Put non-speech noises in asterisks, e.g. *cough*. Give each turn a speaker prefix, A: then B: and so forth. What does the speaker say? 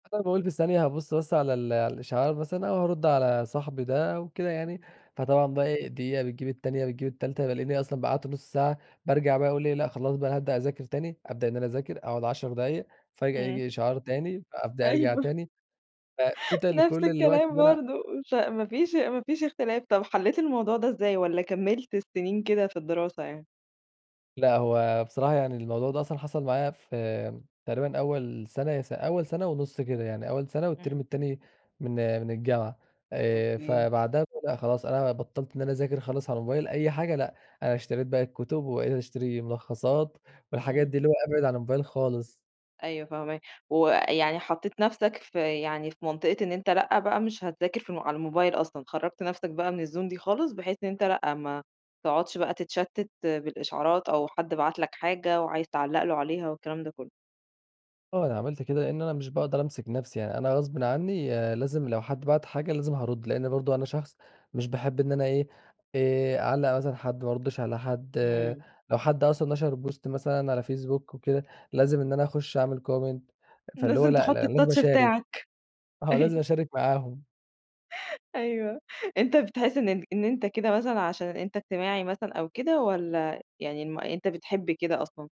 A: أنا باقول في ثانية هابص بس على ال على الإشعار مثلًا أو هارد على صاحبي ده أو كده يعني،
B: *unintelligible*
A: فطبعًا بقى إيه؟ دقيقة بتجيب التانية، بتجيب التالتة، بالاقيني أصلًا بقى قعدت نص ساعة. بارجع بقى أقول إيه؟ لأ، خلاص بقى أنا هابدأ أذاكر تاني، أبدأ إن أنا أذاكر، أقعد 10 دقايق، فجآة
B: امم.
A: ييجي إشعار تاني، فأبدأ أرجع
B: أيوه
A: تاني. فَtotal
B: نَفْس
A: كل الوقت
B: الكلام
A: اللي أنا
B: برضو مش ع ما فيش ما فيش اختلاف، طَب حلّيت الموضوع ده إزاي؟ والَّا كمّلت السنين كده في الدراسة يعني؟
A: لأ، هو بصراحة يعني الموضوع ده أصلًا حصل معايا في تقريبًا أول سنة يا س أول سنة ونص كده، يعني أول سنة والتِرم
B: امم.
A: التاني من من الجامعة. آآ
B: أوكي.
A: فبعدها *unintelligible* خلاص أنا بطّلت إن أنا أذاكر خالص على الموبايل أي حاجة لأ، أنا اشتريت بقى الكتب، وبقيت أشتري ملخصات، والحاجات
B: امم.
A: دي اللي هو أبعد عن الموبايل خالص.
B: أيوه فاهماك، ويعني حطيت نفسك في يعني، في منطقة إن أنتَ لأ، بقى مش هتذاكر ف على الموبايل أصلًا، خرّجت نفسك بقى من الzone دي خالص. بحيث إن أنتَ لأ، ما تقعدش بقى تتشتت بالإشعارات، أو حد بَعت لَك حاجة وعايز تعلّق له عليها والكلام ده كلّه.
A: آه أنا عملت كده، لأن أنا مش باقدر أمسك نفسي يعني أنا غصبٍ عنّي، لازم لو حد بعت حاجة لازم هارُد، لأن برضو أنا شخص مش باحب إن أنا إيه، آآ أعلّق مثلًا حد، ما أردش على حد،
B: امم.
A: لو حد أصلًا نشر بوست مثلًا على فيسبوك وكده، لازم إن أنا أخش أعمل comment فاللي هو
B: لازم
A: لأ،
B: تحط
A: لأ أنا لازم
B: الtouch
A: أشارك.
B: بتاعك،
A: آه لازم
B: أيوه
A: أشارك معاهم.
B: *laughs* أيوه، أنتَ بتحس إن إن أنتَ كده مثلًا عشان أنتَ اجتماعي مثلًا أو كده والَّا يعني الم أنتَ بتحب كده أصلًا؟